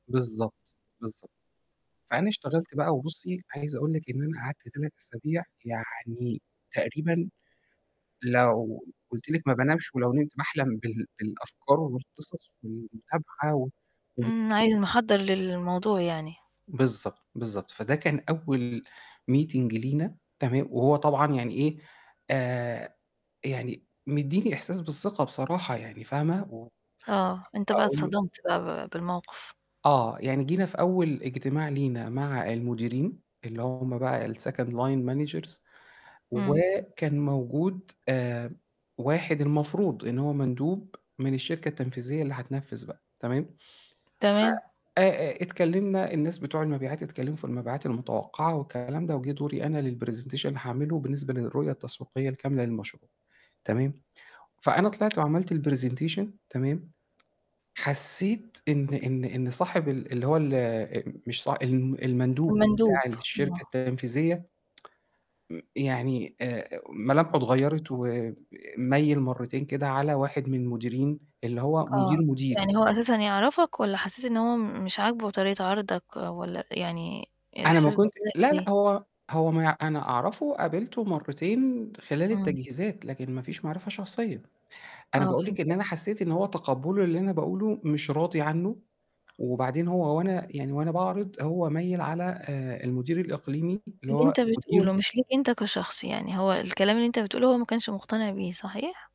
بالضبط بالضب فأنا اشتغلت بقى وبُصّي، عايز أقول لِك إن أنا قعدت 3 أسابيع يعني تقريبًا لو قُلت لِك ما بنامش ولو نمت باحلم بال بالأفكار والقصص والمتابعة إمم. عايز محضّر [unintelligible] للموضوع يعني. بالضبط، بالضبط، فده كان أول meeting لينا تمام، وهو طبعًا يعني إيه، آآ، يعني مدّي لي إحساس بالثقة بصراحة يعني فاهمة، و آه، أنت أ بقى أقول له اتصدمت بقى ب بالموقف. آه، يعني جينا في أول اجتماع لينا مع المديرين اللي هم بقى الsecond line managers إمم. وكان موجود آآ، واحد المفروض إن هو مندوب من الشركة التنفيذية اللي هتنفِّذ بقى تمام، ف تمام. آآ آآ، اتكلِّمنا الناس بتوع المبيعات اتكلِّموا في المبيعات المتوقّعة والكلام ده وجِه دوري أنا للpresentation هاعمله بالنسبة للرؤية التسويقية الكاملة للمشروع تمام، فأنا طلعت وعملت الpresentation تمام، حسّيت إن إن إن صاحب ال اللي هو ال آآ، مش صا ال المندوب المندوب، بتاع الشركة آه. التنفيذية م يعني آآ، ملامحه اتغيّرت، وميِّل مرّتين كده على واحد من المديرين اللي هو آه، مدير مديري. يعني هو أساسًا يعرفك والّا حّسيت إن هو م مش عاجبه طريقة عرضك والّا يعني أنا ما الإحساس كنتش [unintelligible] لا، ليه؟ لأ، هو هو ما ي أنا أعرفه وقابلته مرّتين خلال إمم. التجهيزات، لكن ما فيش معرفة شخصية. أنا آه، باقول فهمت لِك إن أنا قصدك. حسّيت إن هو تقبٌّله للي أنا باقوله مش راضي عنّه، وبعدين هو وأنا يعني وأنا باعرض هو ميِّل على آآ، المدير الإقليمي اللي اللي هو أنت بتقوله مديره. مش ليك أنت كشخص يعني، هو الكلام اللي أنت بتقوله هو ما كانش مُقتنع بيه، صحيح؟